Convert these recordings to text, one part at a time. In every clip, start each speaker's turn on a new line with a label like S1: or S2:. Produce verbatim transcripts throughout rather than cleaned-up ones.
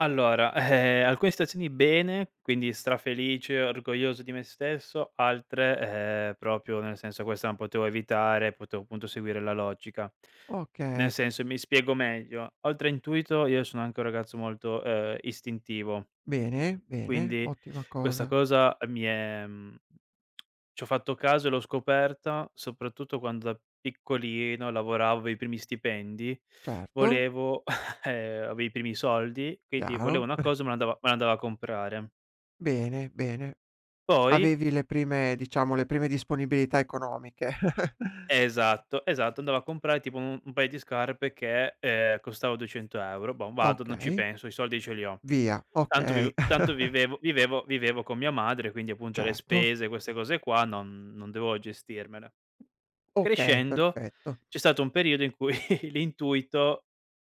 S1: Allora, alcune stazioni bene, quindi strafelice, orgoglioso di me stesso, altre, ehm, propio nel senso: "Questa non potevo evitare, potevo appunto seguire la logica". Nel
S2: Oka
S1: senso, mi spiego meglio: oltre intuito io sono anche un ragazzo molto, ehm, istintivo.
S2: Bene, bene,
S1: Quindi,
S2: ottima
S1: questa
S2: cosa.
S1: cosa mi è, mhmm, ci ho fatto caso e l'ho scoperta, soprattutto quando da piccolino lavoravo, i primi stipendi,
S2: Certo.
S1: volevo ehm, avevo i primi soldi, quindi, volevo
S2: Chiaro.
S1: una cosa e me l'andavo me l'andavo a comprare.
S2: Bene, bene.
S1: Poi
S2: Avevi le prime, diciamo, le prime disponibilità economiche.
S1: Esatto, esatto, andavo a comprare tipo un-un paio di scarpe che, ehm, costava duecento euro. Bom, vado, non ci
S2: Okay.
S1: penso, i soldi ce li ho.
S2: Via,
S1: Tanto
S2: okay.
S1: viv tanto vivevo vivevo vivevo con mia madre, quindi appunto le
S2: Certo.
S1: spese, queste cose qua non non devo gestirmele.
S2: Okay,
S1: Crescendo,
S2: perfetto.
S1: c'è stato un periodo in cui l'intuito è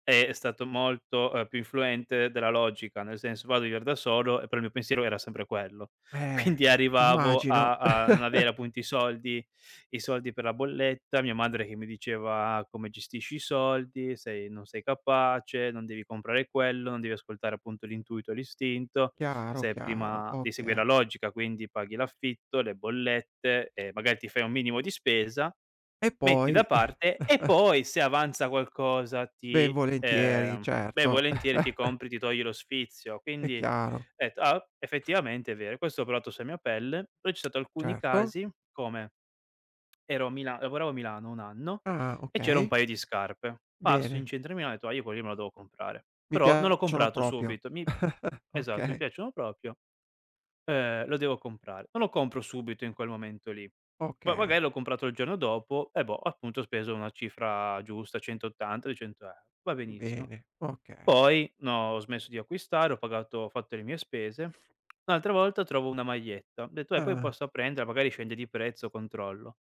S1: è stato molto, uhm, più influente della logica, nel senso vado a viver da solo e però il mio pensiero era sempre quello.
S2: Beh
S1: Quindi
S2: es
S1: arrivavo
S2: immagino.
S1: a a non avere appunto i soldi i soldi per la bolletta, mia madre che mi diceva: "Come gestisci i soldi, sei non sei capace, non devi comprare quello, non devi ascoltare appunto l'intuito, l'istinto,
S2: Chiaro,
S1: se è
S2: chiaro,
S1: prima di
S2: oka
S1: seguire la logica, quindi paghi l'affitto, le bollette e magari ti fai un minimo di spesa,
S2: E
S1: metti da
S2: poi
S1: parte e poi se avanza qualcosa
S2: Ben
S1: ti
S2: volentieri,
S1: ehm ben
S2: certo.
S1: volentieri ti compri ti togli lo sfizio!".
S2: È
S1: Quindi
S2: chiaro.
S1: etto: "Ah o effettivamente è vero.". E questo ho proato sua mia pelle; però c'è stato alcuni
S2: Certo.
S1: casi come: ero a Mila lavoravo a Milano un anno
S2: Ah!
S1: e c'era un
S2: Okay.
S1: paio di scarpe. Passo in
S2: Bene.
S1: centro a Milano e ho etto: "A Io quello lì me la devo comprare!".
S2: Mi
S1: Però non l'ho
S2: piacciono
S1: comprato
S2: propio.
S1: subito. "Mi", esatto: "Mi
S2: Okay.
S1: piacciono propio, ehm, lo devo comprare.". Non lo compro subito in quel momento lì. Va
S2: Okay.
S1: vagai l'ho comprato il giorno dopo e boh, appunto ho speso una cifra giusta, cento ottanta, duecento euro. Va benissimo.
S2: Bene, okay.
S1: Poi no ho smesso di acquistare, ho pagato ho fatto le mie spese. Un'altra volta trovo una maglietta, ho detto: "Vabbè poi
S2: Ah!
S1: posso prenderla, magari scende di prezzo, controllo!".